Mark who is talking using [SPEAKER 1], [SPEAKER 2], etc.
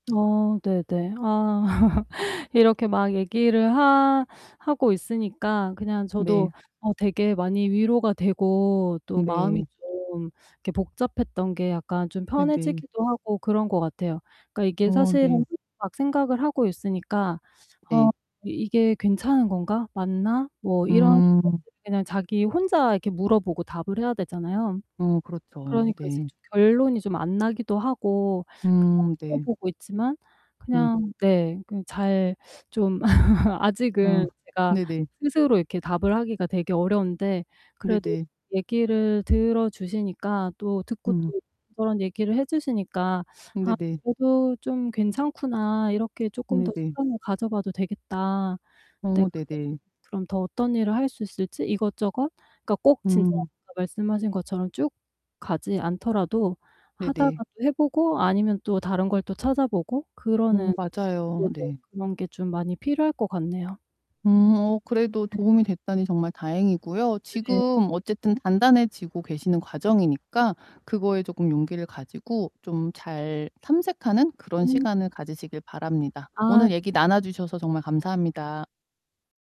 [SPEAKER 1] 어 네네. 아. 이렇게 막 얘기를 하 하고 있으니까 그냥 저도
[SPEAKER 2] 네.
[SPEAKER 1] 어 되게 많이 위로가 되고 또
[SPEAKER 2] 네.
[SPEAKER 1] 마음이 좀 이렇게 복잡했던 게 약간 좀
[SPEAKER 2] 네네.
[SPEAKER 1] 편해지기도 하고 그런 것 같아요. 그러니까 이게
[SPEAKER 2] 어 네.
[SPEAKER 1] 사실은 막 생각을 하고 있으니까 '어
[SPEAKER 2] 네.
[SPEAKER 1] 이게 괜찮은 건가? 맞나?' 뭐 이런
[SPEAKER 2] 음.
[SPEAKER 1] [unintelligible] 그냥 자기 혼자 이렇게 물어보고 답을 해야 되잖아요?
[SPEAKER 2] 어 그렇죠.
[SPEAKER 1] 그러니까 이제
[SPEAKER 2] 네.
[SPEAKER 1] 좀 결론이 좀 안 나기도 하고 그냥
[SPEAKER 2] 음 네.
[SPEAKER 1] 물어보고 있지만
[SPEAKER 2] 네.
[SPEAKER 1] 그냥 네 그 잘 좀
[SPEAKER 2] 아
[SPEAKER 1] 아직은 제가
[SPEAKER 2] 네네.
[SPEAKER 1] 스스로 이렇게 답을 하기가 되게 어려운데 그래도
[SPEAKER 2] 네네.
[SPEAKER 1] 얘기를 들어 주시니까 또 듣고
[SPEAKER 2] 음.
[SPEAKER 1] 또 저런 얘기를 해 주시니까 '아
[SPEAKER 2] 네네.
[SPEAKER 1] 그래도 좀 괜찮구나 이렇게 쪼끔 더
[SPEAKER 2] 네네.
[SPEAKER 1] 시간을 가져봐도 되겠다.' 네.
[SPEAKER 2] 어
[SPEAKER 1] 그래 가지고
[SPEAKER 2] 네네.
[SPEAKER 1] 그럼 더 어떤 일을 할 수 있을지 이것저것 그러니까 꼭 진짜
[SPEAKER 2] 음.
[SPEAKER 1] 아까 말씀하신 것처럼 쭉 가지 않더라도
[SPEAKER 2] 네네.
[SPEAKER 1] 하다가도 해 보고 아니면 또 다른 걸 또 찾아보고
[SPEAKER 2] 음
[SPEAKER 1] 그러는
[SPEAKER 2] 맞아요.
[SPEAKER 1] 네네.
[SPEAKER 2] 네.
[SPEAKER 1] 그런 게 좀 많이 필요할 것 같네요.
[SPEAKER 2] 음 어 그래도
[SPEAKER 1] 네.
[SPEAKER 2] 도움이 됐다니 정말 다행이고요.
[SPEAKER 1] 네.
[SPEAKER 2] 지금 어쨌든 단단해지고 계시는 과정이니까 그거에 조금 용기를 가지고 좀 잘 탐색하는 그런
[SPEAKER 1] 음. 네.
[SPEAKER 2] 시간을 가지시길 바랍니다.
[SPEAKER 1] 아.
[SPEAKER 2] 오늘 얘기 나눠 주셔서 정말 감사합니다.